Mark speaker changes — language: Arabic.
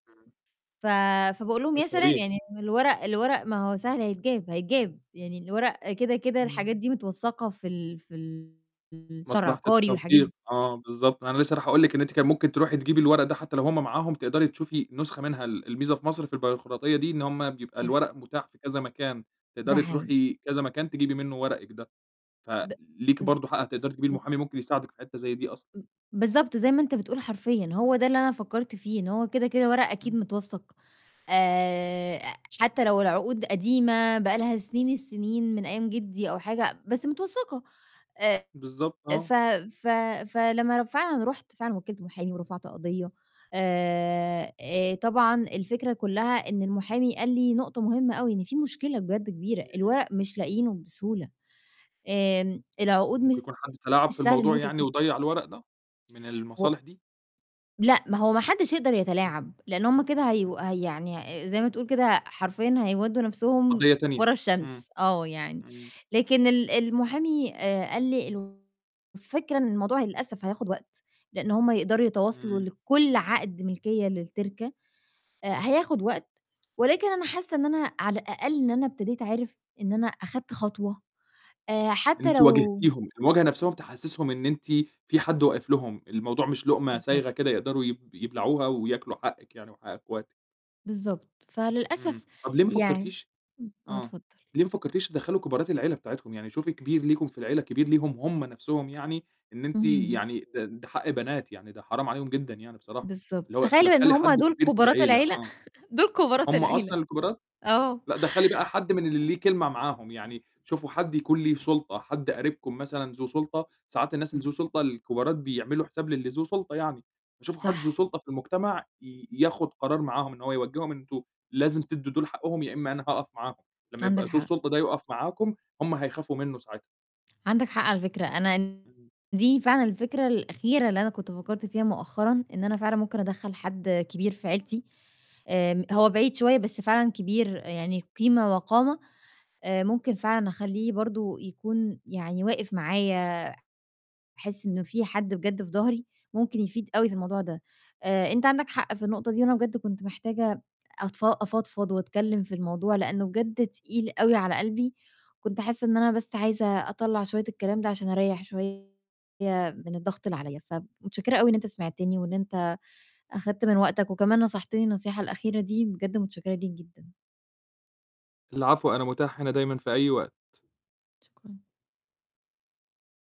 Speaker 1: إمم.
Speaker 2: ف فباقول لهم يا سلام
Speaker 1: [unintelligible]
Speaker 2: يعني الورق الورق ما هو سهل هيتجاب هيتجاب، يعني الورق كده، كده،
Speaker 1: إمم.
Speaker 2: الحاجات دي متوثقة في ال في ال الشهر
Speaker 1: مصلحة
Speaker 2: العقاري والحاجات
Speaker 1: التوثيق،
Speaker 2: د
Speaker 1: آه، بالضبط، أنا لسّة رايح أقول لِك إن أنتِ كان ممكن تروحي تجيبي الورق ده حتّى لو هُم معاهم تقدري تشوفي نسخة منها، ال الميزة في مصر في البيروقراطية دي، إن هُم بيبقى
Speaker 2: صح.
Speaker 1: الورق متاح في كذا مكان،
Speaker 2: ده
Speaker 1: تقدري
Speaker 2: حقيقي.
Speaker 1: تروحي كذا مكان تجيبي منه ورقِك ده،
Speaker 2: ب
Speaker 1: فليكِ برضو حق هتقدري تجيبيه المحامي
Speaker 2: بالضبط.
Speaker 1: ممكن يساعدك في حتّة زي دي أصلًا.
Speaker 2: إم بالضبط زي ما أنت بتقول حرفيًا، هو ده اللي أنا فكّرت فيه إن هو كده، كده ورق أكيد
Speaker 1: إمم.
Speaker 2: متوثّق، آآ، حتّى لو العقود قديمة بقى لها سنين السنين من أيام جدي أو حاجة، بس متوثّقة، آآ،
Speaker 1: بالضبط،
Speaker 2: ف
Speaker 1: آه.
Speaker 2: ف فلمّا ر فعلًا رُحت فعلًا وكّلت محامي ورفعت قضية، آآ آآ، طبعًا الفكرة كلّها إن المحامي قال لي نقطة مهمّة أوي إن في مشكلة بجد كبيرة، الورق مش لاقيينه بسهولة، آمم، العقود
Speaker 1: ممكن
Speaker 2: مش
Speaker 1: يكون حد تلاعب في
Speaker 2: سهل إن
Speaker 1: الموضوع
Speaker 2: هي
Speaker 1: يعني
Speaker 2: تتن
Speaker 1: وضيّع الورق ده، من
Speaker 2: و
Speaker 1: المصالح دي؟
Speaker 2: لأ، ما هو ما حدّش يقدر
Speaker 1: إمم.
Speaker 2: يتلاعب، لإن هُم كده هيو
Speaker 1: إمم.
Speaker 2: ه يعني زي ما تقول كده حرفيًا هيودّوا نَفْسهم
Speaker 1: قضية تانية،
Speaker 2: ورا
Speaker 1: إمم،
Speaker 2: الشمس، آه يعني،
Speaker 1: إمم.
Speaker 2: لكن ال المحامي آآ، قال لي: "الفكرة إن الموضوع للأسف هياخد وقت، لإن هُم يقدروا يتواصلوا
Speaker 1: إمم.
Speaker 2: لكلّ عقد ملكية للتركة، آآ، هياخد وقت"، ولكن أنا حاسّة إن أنا على الأقل إن أنا ابتديت عارف، إن أنا أخدت خطوة، آآ، حتّى
Speaker 1: أنتِ
Speaker 2: لو
Speaker 1: واجهتيهم، المواجهة نَفْسهم تحسّسهم إن أنتِ في حد واقف لهم، الموضوع مش لقمة
Speaker 2: بالضبط.
Speaker 1: سايغة كده يقدروا يب يبلعوها وياكلوا حقِك يعني وحق أخواتِك.
Speaker 2: بالضبط،
Speaker 1: إمم،
Speaker 2: فللأسف
Speaker 1: طب ليه ما
Speaker 2: يعن
Speaker 1: فكّرتيش
Speaker 2: إمم، آه
Speaker 1: آه،
Speaker 2: اتفضل.
Speaker 1: ليه ما فكّرتيش تدخّلي كبارات العيلة بتاعتكم؟ يعني شوفي كبير ليكم في العيلة، كبير ليهم هُم نَفْسهم يعني، إن أنتِ
Speaker 2: اهم.
Speaker 1: يعني ده ده حق بنات يعني ده حرام عليهم جدًا يعني بصراحة،
Speaker 2: بالضبط،
Speaker 1: اللي هو
Speaker 2: تخيّل إن
Speaker 1: تدخّلي
Speaker 2: هُم
Speaker 1: حد
Speaker 2: دُول
Speaker 1: كبير في
Speaker 2: كبارات
Speaker 1: العيلة،
Speaker 2: العيلة،
Speaker 1: آه،
Speaker 2: دُول كبارات
Speaker 1: هُم
Speaker 2: العيلة.
Speaker 1: أصلًا الكبارات؟!
Speaker 2: آه.
Speaker 1: لأ دخّلي بقى حد من اللي ليه كلمة معاهم يعني، شوفوا حد يكون ليه سُلطة، حد قريبكم مثلًا ذو سُلطة، ساعات الناس اللي
Speaker 2: امم.
Speaker 1: ذو سُلطة الكبارات بيعملوا حساب للي ذو سُلطة يعني، فشوفوا حد
Speaker 2: صح.
Speaker 1: ذو سُلطة في المجتمع ي ياخد قرار معاهم إن هو يوجّههم إن أنتم لازم تدّوا دُول حقهم يا إمّا أنا هاقف معاهم، لمّا
Speaker 2: عندك
Speaker 1: يبقى ذو
Speaker 2: حق.
Speaker 1: السُلطة ده يقف معاكم، هُم هيخافوا منه ساعتها.
Speaker 2: عندك حق على فكرة، أنا ال
Speaker 1: إمم.
Speaker 2: دي فعلًا الفكرة الأخيرة اللي أنا كنت فكّرت فيها مؤخرًا، إن أنا فعلًا ممكن أدخّل حد كبير في عيلتي، آمم، هو بعيد شوية بس فعلًا كبير يعني قيمة وقامة، آآ، ممكن فعلًا أخلّيه برضو يكون يعني واقف معايا، أحس إنه في حد بجد في ضهري، ممكن يفيد أوي في الموضوع ده، آآ، أنت عندك حق في النقطة دي، أنا بجد كنت محتاجة أتفا افضفض وأتكلّم في الموضوع، لإنه بجد تقيل أوي على قلبي، كنت حاسّة إن أنا بس عايزة أطلّع شوية الكلام ده عشان أريّح شوية من الضغط اللي عليَّ، فب متشكرة أوي إن أنت سمعتني وإن أنت أخدت من وقتك، وكمان نصحتني النصيحة الأخيرة دي، بجد متشكرة ليك جدًا.
Speaker 1: العفو أنا متاح هنا دايمًا في أي وقت.
Speaker 2: شكرًا.